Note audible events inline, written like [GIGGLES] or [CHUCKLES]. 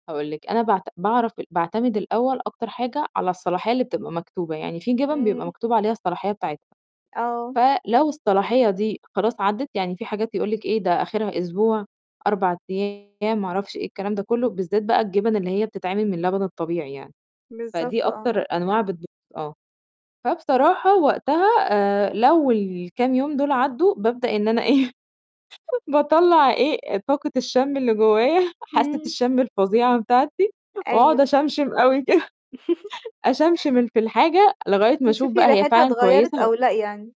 هاقول لِك أنا باعت باعرف باعتمد الأول أكتر حاجة على الصلاحية اللي بتبقى مكتوبة، يعني في جِبن بيبقى إمم. مكتوب عليها الصلاحية بتاعتها، آه. فلو الصلاحية دي خلاص عدّت، يعني في حاجات يقول لِك إيه، ده آخرها أسبوع، 4 أيام، ما أعرفش إيه الكلام ده كله، بالذات بقى الجبن اللي هي بتتعمِل من لبن الطبيعي يعني، فدي بالضبط، آه. أكتر أنواع بتبو آه، فبصراحة وقتها آآ لو الكام يوم دول عدّوا، بابدأ إن أنا إيه؟ [GIGGLES] باطلّع إيه، طاقة الشم اللي جوايا، حاسَّة إمم. الشم الفظيعة بتاعتي، وأقعد أيوه. أشَمْشِم أوي كده. [GIGGLES] [CHUCKLES] أشَمْشِم ال في الحاجة لغاية ما أشوف تشوفي بقى هي ريحتها فعلًا اتغيرت كويسة و أو لأ يعني.